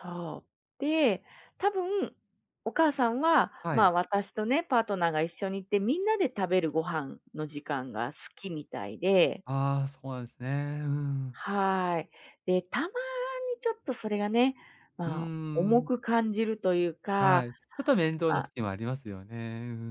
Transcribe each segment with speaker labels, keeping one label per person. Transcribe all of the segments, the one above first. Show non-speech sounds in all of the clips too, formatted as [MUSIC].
Speaker 1: そう。で、多分お母さんは、
Speaker 2: はい。
Speaker 1: ま、私とね、パートナーが一緒に行って、みんなで食べるご飯の時間が好きみたいで。
Speaker 2: あ、そうなんですね。うん。
Speaker 1: はい。で、たまにちょっとそれがね、
Speaker 2: うー
Speaker 1: ま、重
Speaker 2: ん。
Speaker 1: く感じるというか。
Speaker 2: はい、ちょっと面倒な
Speaker 1: あ
Speaker 2: 時もありますよね。う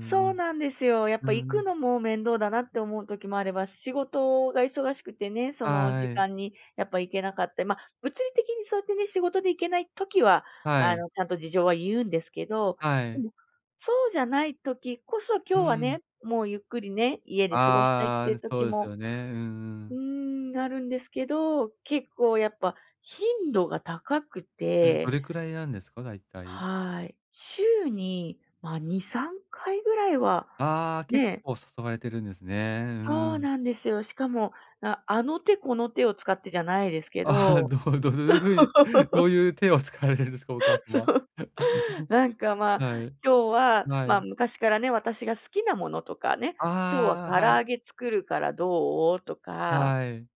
Speaker 1: そうなんですよ。やっ
Speaker 2: うんう
Speaker 1: ぱ
Speaker 2: ん。う
Speaker 1: 行
Speaker 2: んう
Speaker 1: く
Speaker 2: ん。
Speaker 1: のも面倒だなって思う時もあれば、仕事が忙しくてね、その時
Speaker 2: はい。
Speaker 1: 間にやっぱ行けなかった、ま、物理的にそうやってね、仕事で行けない時は、
Speaker 2: は
Speaker 1: あ
Speaker 2: い。
Speaker 1: の、ちゃんと事情は言うんですけど、
Speaker 2: は
Speaker 1: で
Speaker 2: い。
Speaker 1: もそうじゃない時こそ、
Speaker 2: う
Speaker 1: 今日はね、
Speaker 2: ん。
Speaker 1: もうゆっくりね、家で過ごしたいっ
Speaker 2: あ
Speaker 1: ていう
Speaker 2: あ、そ
Speaker 1: 時
Speaker 2: うです
Speaker 1: も
Speaker 2: よね。うんう
Speaker 1: う
Speaker 2: ん。
Speaker 1: ーん、あるんですけど、結構やっぱ、頻度が高く
Speaker 2: え、ど
Speaker 1: て。
Speaker 2: れくらいなんですか？大体。
Speaker 1: はい。週に、ま、2、3回ぐらいは、
Speaker 2: あ、結
Speaker 1: ね。
Speaker 2: 構誘われてるんですね。[UNINTELLIGIBLE] う
Speaker 1: そう
Speaker 2: ん。
Speaker 1: なんですよ。しかも、なあの手この手を使ってじゃないですけ
Speaker 2: あ、
Speaker 1: ど。
Speaker 2: どうどういう風に、どう
Speaker 1: [LAUGHS]
Speaker 2: いう手を使われるんですか、お母さ
Speaker 1: そ
Speaker 2: ま
Speaker 1: う。
Speaker 2: は。
Speaker 1: なんか、
Speaker 2: [LAUGHS]
Speaker 1: ま、
Speaker 2: はい。
Speaker 1: 「今日は」
Speaker 2: は
Speaker 1: ま、
Speaker 2: い。
Speaker 1: 昔からね、私が好きなものとかね、「今日
Speaker 2: ああ、
Speaker 1: は唐
Speaker 2: はい。
Speaker 1: 揚げ作るからどう？」とか。
Speaker 2: はい。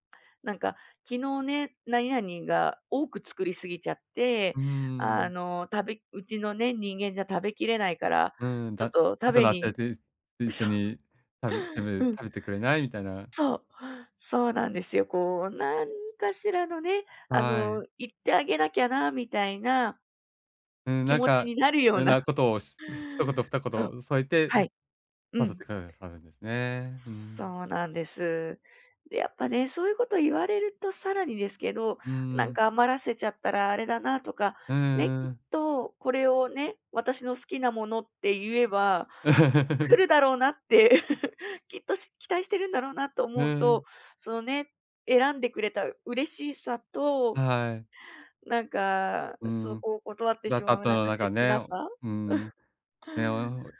Speaker 1: なんか、「昨日ね、何々が多く作りすぎちゃって、
Speaker 2: うー
Speaker 1: あ
Speaker 2: ん。
Speaker 1: の、食べうちのね、人間じゃ食べきれないから、
Speaker 2: うん。
Speaker 1: ちょっ
Speaker 2: 「だ
Speaker 1: と食
Speaker 2: 後
Speaker 1: べ
Speaker 2: の
Speaker 1: に」
Speaker 2: [UNINTELLIGIBLE] 一
Speaker 1: そ
Speaker 2: 緒に、食べ食べる
Speaker 1: う。うん。
Speaker 2: 食べてくれない？」みたいな。
Speaker 1: そう、そうなんですよ。こう、何かしらのね、あ
Speaker 2: はい。
Speaker 1: の、行ってあげなきゃな、みたいな
Speaker 2: うん、
Speaker 1: 気
Speaker 2: なん
Speaker 1: 持ち
Speaker 2: か、
Speaker 1: になるよ
Speaker 2: い
Speaker 1: う
Speaker 2: ろんな
Speaker 1: な。
Speaker 2: ことをし一言二
Speaker 1: そう。
Speaker 2: 言添えて、
Speaker 1: はい。う
Speaker 2: 誘っ
Speaker 1: ん。
Speaker 2: てくださるんですね。うん。
Speaker 1: そうなんです。で、やっぱね、そういうこと言われるとさらにですけど、
Speaker 2: うん
Speaker 1: な
Speaker 2: う
Speaker 1: ん
Speaker 2: ん。
Speaker 1: か余らせちゃったらあれだな、とか、
Speaker 2: う
Speaker 1: ね、
Speaker 2: ん
Speaker 1: き
Speaker 2: う
Speaker 1: っ
Speaker 2: ん。
Speaker 1: とこれをね、私の好きなものって言えば、
Speaker 2: う
Speaker 1: 来
Speaker 2: ん。
Speaker 1: るだろうなって、[LAUGHS] きっと期待してるんだろうな、と
Speaker 2: う
Speaker 1: 思うと、
Speaker 2: ん。
Speaker 1: そのね、選んでくれた嬉しさ
Speaker 2: あ、
Speaker 1: と
Speaker 2: はい。
Speaker 1: なんか、
Speaker 2: う
Speaker 1: そ
Speaker 2: ん。
Speaker 1: こを断って
Speaker 2: だ
Speaker 1: し
Speaker 2: った
Speaker 1: ま
Speaker 2: っ
Speaker 1: う
Speaker 2: た
Speaker 1: なん
Speaker 2: の
Speaker 1: か
Speaker 2: なんか
Speaker 1: 切
Speaker 2: ね
Speaker 1: なさ。
Speaker 2: うん。ね [UNINTELLIGIBLE] お、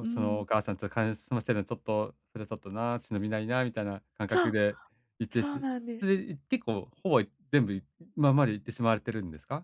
Speaker 1: う
Speaker 2: その
Speaker 1: ん。
Speaker 2: お母さんとかねすませるのちょっと、それはちょっとな、忍びないな、みたいな感
Speaker 1: そ
Speaker 2: 覚
Speaker 1: う、
Speaker 2: で行って
Speaker 1: そう
Speaker 2: し
Speaker 1: なんで
Speaker 2: それ
Speaker 1: す。
Speaker 2: でい結構ほぼ、全部今まで行ってしまわれてるんですか？